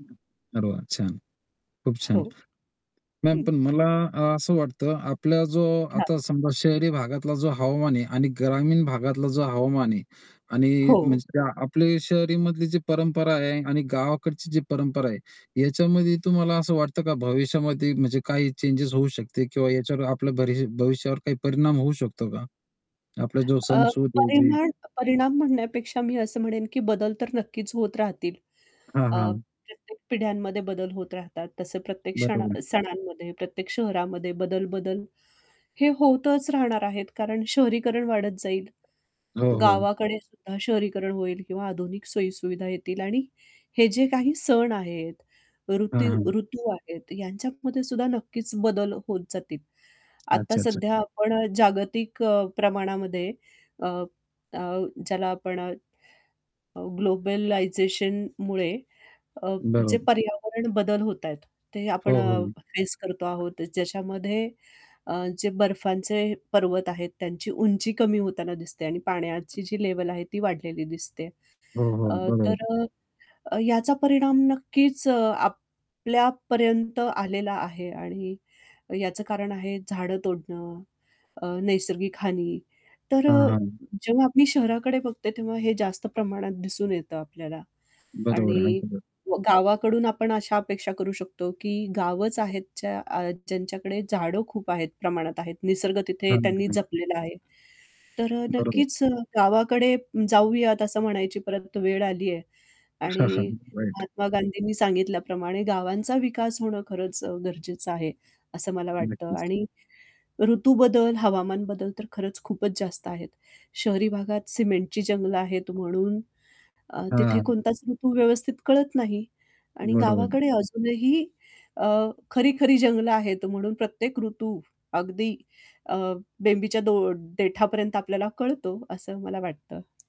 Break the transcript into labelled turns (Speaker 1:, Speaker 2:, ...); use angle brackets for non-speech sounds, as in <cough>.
Speaker 1: हं, अरे वाह! छान, खूप
Speaker 2: हो.
Speaker 1: छान. मॅम
Speaker 2: हं.
Speaker 1: पण मला अ, असं वाटतं आपला जो आता
Speaker 2: हां.
Speaker 1: समजा शहरी भागातला जो हवामान आहे आणि ग्रामीण भागातला जो हवामान आहे आणि
Speaker 2: हो.
Speaker 1: म्हणजे आपल्या शहरीमधली जी परंपरा आहे आणि गावाकडची जी परंपरा आहे याच्यामध्ये तुम्हाला असं वाटतं का भविष्यामध्ये म्हणजे काही चेंजस होऊ शकते किंवा याच्यावर आपल्या भरि भविष्यावर काही परिणाम होऊ शकतो का? आपला जो सण
Speaker 2: अ,
Speaker 1: सूद जी
Speaker 2: परिमाण परिणाम म्हणण्यापेक्षा मी असं म्हणेन की बदल तर नक्कीच होत राहतील.
Speaker 1: हां,
Speaker 2: अ,
Speaker 1: हां.
Speaker 2: प्रत्येक पिढ्यांमध्ये बदल होत राहतात, तसे प्रत्येक क्षण
Speaker 1: बरोबर.
Speaker 2: सणांमध्ये प्रत्येक शहरामध्ये बदल-बदल हे होतच राहणार आहेत, कारण शहरीकरण वाढत जाईल,
Speaker 1: हो, हो.
Speaker 2: गावाकडे सुद्धा शहरीकरण होईल किंवा आधुनिक सोयी-सुविधा येतील आणि हे जे काही सण आहेत
Speaker 1: हां,
Speaker 2: ऋतू
Speaker 1: हां.
Speaker 2: ऋतू आहेत यांच्यामध्ये सुद्धा नक्कीच बदल होत जातील. आत्ता
Speaker 1: अच्छा-अच्छा.
Speaker 2: सध्या आपण अ, जागतिक अ, प्रमाणामध्ये अ, अ, ज्याला आपण अ, ग्लोबलायझेशनमुळे अ, जे
Speaker 1: बरोब
Speaker 2: पर्यावरण बदल होत आहेत, ते आपण
Speaker 1: हो, हो.
Speaker 2: अ, फेस करतो आहोत. ज्याच्यामध्ये अ, जे बर्फाचे पर्वत आहेत त्यांची उंची कमी होताना दिसते आणि पाण्याची जी लेव्हल आहे, ती वाढलेली दिसते.
Speaker 1: हो, हो.
Speaker 2: अ, तर
Speaker 1: बरोबर.
Speaker 2: अ, अ, याचा परिणाम नक्कीच अ, आपल्यापर्यंत आलेला आहे आणि याचं कारण आहे झाडं तोडणं, अ, नैसर्गिक हानी. तर
Speaker 1: हां,
Speaker 2: अ,
Speaker 1: हां.
Speaker 2: जेव्हा मी शहराकडे बघते, तेव्हा हे जास्त प्रमाणात दिसून येतं आपल्याला.
Speaker 1: बरोबर आहे.
Speaker 2: आणि
Speaker 1: अगदी बरो
Speaker 2: व गावाकडून आपण अशा अपेक्षा करू शकतो की गावंच आहेत ज्या अ, ज्यांच्याकडे झाडं खूप आहेत प्रमाणात आहेत. निसर्ग तिथे त्यांनी
Speaker 1: <unintelligible>
Speaker 2: जपलेला आहे. तर अ,
Speaker 1: बरोबर.
Speaker 2: नक्कीच अ, गावाकडे जाऊयात असं म्हणायची परत वेळ आली आहे आणि
Speaker 1: <chuckles> राईट.
Speaker 2: महात्मा गांधींनी सांगितल्याप्रमाणे गावांचा विकास होणं खरंच अ, गरजेचं आहे, असं मला वाटतं
Speaker 1: नक्कीच.
Speaker 2: आणि ऋतू बदल हवामान बदल तर खरंच खूपच जास्त आहेत, शहरी भागात सिमेंटची जंगलं आहेत म्हणून अ,
Speaker 1: हां,
Speaker 2: तिथे
Speaker 1: हां.
Speaker 2: कोणताच ऋतू व्यवस्थित कळत नाही आणि
Speaker 1: बरोबर आहे.
Speaker 2: गावाकडे अजूनही अ, खरी-खरी जंगलं आहेत म्हणून प्रत्येक ऋतू अगदी अ, बेंबीच्या डो देठापर्यंत आपल्याला कळतो असं मला वाटतं.